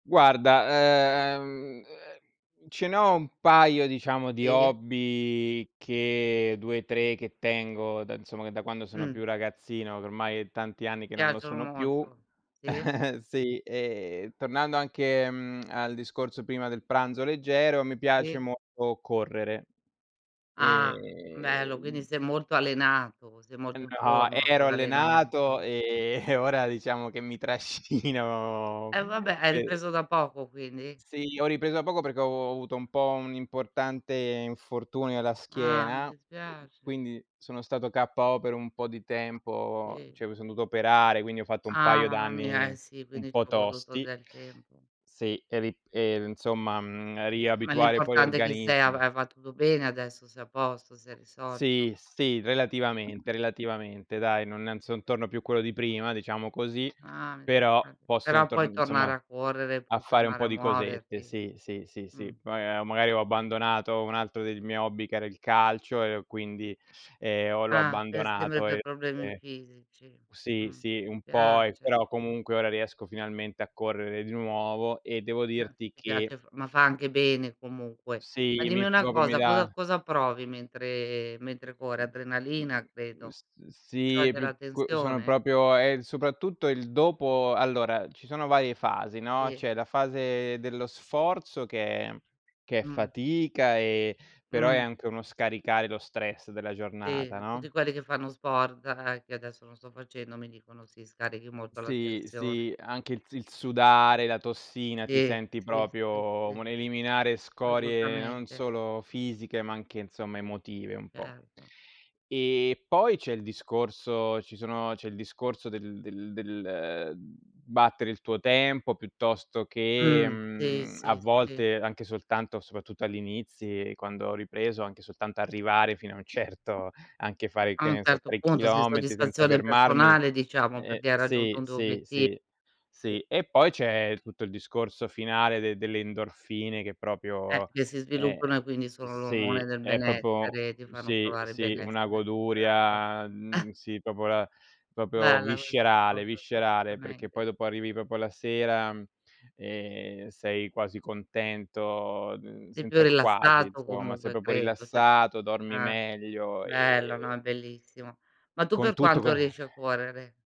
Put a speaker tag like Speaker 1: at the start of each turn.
Speaker 1: Guarda, ehm ce ne ho un paio diciamo di
Speaker 2: E
Speaker 1: hobby che 2, 3 che tengo da insomma che da quando sono
Speaker 2: Mh.
Speaker 1: più ragazzino, che ormai è tanti anni
Speaker 2: Ti
Speaker 1: che non lo
Speaker 2: piacciono
Speaker 1: sono più.
Speaker 2: molto. Sì.
Speaker 1: Sì, ehm tornando anche, mhmm, al discorso prima del pranzo leggero, mi piace
Speaker 2: Sì.
Speaker 1: molto correre
Speaker 2: Ah. Bello, quindi
Speaker 1: ehm
Speaker 2: sei molto allenato, sei
Speaker 1: Ehm
Speaker 2: molto in
Speaker 1: no,
Speaker 2: forma con
Speaker 1: ero
Speaker 2: l'allenamento.
Speaker 1: allenato, ehm, e ora diciamo che mi trascino
Speaker 2: E vabbè hai
Speaker 1: sì.
Speaker 2: ripreso da poco quindi?
Speaker 1: Sì, ho ripreso da poco perché ho avu avuto un po' un importante infortunio alla
Speaker 2: Ah mi
Speaker 1: schiena, uhm
Speaker 2: dispiace.
Speaker 1: quindi sono stato KO per un po' di tempo,
Speaker 2: Sì.
Speaker 1: cioè mi son dovuto operare, quindi ho fatto un
Speaker 2: Ah
Speaker 1: paio
Speaker 2: mamma mia, eh
Speaker 1: d'anni
Speaker 2: sì,
Speaker 1: un
Speaker 2: quindi
Speaker 1: po'
Speaker 2: c'è voluto
Speaker 1: tosti.
Speaker 2: del tempo.
Speaker 1: Sì, e ri ehm insomma, mhmm,
Speaker 2: Ma
Speaker 1: riabituare poi
Speaker 2: l'importante è che se hai va
Speaker 1: l'organismo
Speaker 2: hai va tutto bene adesso, sei a posto, si è risolto?
Speaker 1: Sì, sì relativamente relativamente dai, non son torno più quello di prima, diciamo così,
Speaker 2: Ah
Speaker 1: però
Speaker 2: ok.
Speaker 1: posso
Speaker 2: Però
Speaker 1: torn
Speaker 2: puoi tornare
Speaker 1: insomma,
Speaker 2: a correre,
Speaker 1: a
Speaker 2: puoi
Speaker 1: fare un
Speaker 2: tornare
Speaker 1: po'
Speaker 2: a
Speaker 1: di cosette.
Speaker 2: muoverti.
Speaker 1: Sì, sì, sì,
Speaker 2: Mh.
Speaker 1: sì, Poi ehm, magari ho abbandonato un altro dei miei hobby che era il calcio e ho quindi, ehm, ho l'ho
Speaker 2: Ah, pe sempre
Speaker 1: abbandonato,
Speaker 2: per
Speaker 1: ehm,
Speaker 2: problemi fisici.
Speaker 1: sì,
Speaker 2: Mh,
Speaker 1: sì, un po' ehm,
Speaker 2: spiace.
Speaker 1: però comunque ora riesco finalmente a correre di nuovo e devo dirti
Speaker 2: Ti
Speaker 1: che
Speaker 2: piace, ma fa anche bene comunque. Ma
Speaker 1: Sì,
Speaker 2: dimmi
Speaker 1: mi
Speaker 2: una
Speaker 1: proprio mi
Speaker 2: cosa:
Speaker 1: dà
Speaker 2: cosa cosa provi mentre mentre corri?
Speaker 1: Mhmm,
Speaker 2: Adrenalina
Speaker 1: mhmm,
Speaker 2: credo.
Speaker 1: s
Speaker 2: Si
Speaker 1: sì, è
Speaker 2: scioglie
Speaker 1: più
Speaker 2: la
Speaker 1: c sono
Speaker 2: tensione?
Speaker 1: proprio è soprattutto il dopo allora, ci sono varie fasi, no,
Speaker 2: Sì.
Speaker 1: c'è la fase dello sforzo che è che è
Speaker 2: Mh.
Speaker 1: fatica e però è
Speaker 2: Mh.
Speaker 1: anche uno scaricare lo stress della
Speaker 2: Sì,
Speaker 1: giornata,
Speaker 2: tutti
Speaker 1: no?
Speaker 2: quelli che fanno sport, ehm, che adesso non sto facendo, mi dicono: "Sì, scarichi molto la
Speaker 1: Sì
Speaker 2: tensione."
Speaker 1: sì, anche il s il sudare, la tossina, ti
Speaker 2: Sì,
Speaker 1: senti
Speaker 2: sì, sì,
Speaker 1: proprio
Speaker 2: sì.
Speaker 1: un eliminare scorie non
Speaker 2: Assolutamente.
Speaker 1: solo fisiche, ma anche insomma emotive un po'.
Speaker 2: Certo.
Speaker 1: E poi c'è il discorso ci sono c'è il discorso del del del battere il tuo tempo piuttosto che,
Speaker 2: Mh, sì,
Speaker 1: mhmm, a
Speaker 2: sì, sì.
Speaker 1: volte, anche soltanto soprattutto agli inizi, quando ho ripreso, anche soltanto arrivare fino a un certo, anche fare
Speaker 2: A
Speaker 1: che
Speaker 2: un
Speaker 1: ne so,
Speaker 2: certo
Speaker 1: 3
Speaker 2: punto sì,
Speaker 1: chilometri senza
Speaker 2: soddisfazione
Speaker 1: fermarmi
Speaker 2: personale, diciamo,
Speaker 1: ehm,
Speaker 2: perché hai raggiunto
Speaker 1: sì,
Speaker 2: un tuo
Speaker 1: sì,
Speaker 2: obiettivo.
Speaker 1: sì,
Speaker 2: Sì.
Speaker 1: sì. E poi c'è tutto il discorso finale delle endorfine che
Speaker 2: Eh,
Speaker 1: proprio
Speaker 2: che si
Speaker 1: ehm
Speaker 2: sviluppano e quindi sono l'ormone
Speaker 1: sì,
Speaker 2: del
Speaker 1: è proprio
Speaker 2: benessere, ti fanno
Speaker 1: sì,
Speaker 2: provare
Speaker 1: sì, una
Speaker 2: benessere. Certo.
Speaker 1: goduria, mhmm sì, proprio la proprio
Speaker 2: Bella questa
Speaker 1: viscerale
Speaker 2: cosa
Speaker 1: viscerale, perché
Speaker 2: assolutamente.
Speaker 1: poi dopo arrivi proprio la sera e sei quasi contento, mhmm,
Speaker 2: Sei più
Speaker 1: senza il quasi
Speaker 2: rilassato
Speaker 1: insomma, sei
Speaker 2: comunque
Speaker 1: proprio
Speaker 2: credo, cioè
Speaker 1: rilassato, dormi
Speaker 2: eh,
Speaker 1: meglio
Speaker 2: bello, no, è
Speaker 1: e
Speaker 2: bellissimo. Ma tu
Speaker 1: con
Speaker 2: per
Speaker 1: tutto
Speaker 2: quanto
Speaker 1: che
Speaker 2: riesci a correre?